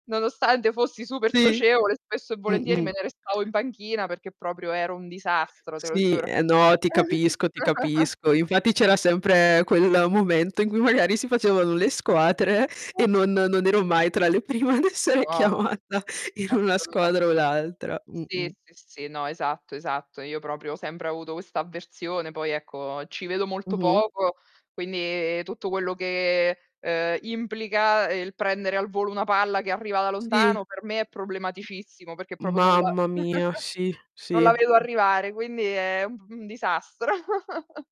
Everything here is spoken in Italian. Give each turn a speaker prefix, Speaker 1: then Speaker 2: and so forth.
Speaker 1: Nonostante fossi super
Speaker 2: Sì.
Speaker 1: socievole, spesso e volentieri me
Speaker 2: Mh-mh.
Speaker 1: ne restavo in panchina, perché proprio ero un disastro, te lo
Speaker 2: Sì.
Speaker 1: giuro.
Speaker 2: Eh, no, ti capisco, ti capisco. Infatti c'era sempre quel momento in cui magari si facevano le squadre, e non non ero mai tra le prime ad essere
Speaker 1: No,
Speaker 2: chiamata in una
Speaker 1: assoluta
Speaker 2: squadra o l'altra.
Speaker 1: Sì,
Speaker 2: Mh-mh.
Speaker 1: sì, sì no, esatto, esatto. Io, proprio, ho sempre avuto questa avversione. Poi, ecco, ci vedo molto
Speaker 2: Mh-mh.
Speaker 1: poco, quindi tutto quello che, uhm, implica, ehm, il prendere al volo una palla che arriva da
Speaker 2: Sì.
Speaker 1: lontano, per me è problematicissimo, perché proprio non la
Speaker 2: Mamma mia. Sì,
Speaker 1: non
Speaker 2: sì.
Speaker 1: la vedo
Speaker 2: Mh.
Speaker 1: arrivare, quindi è un p un disastro.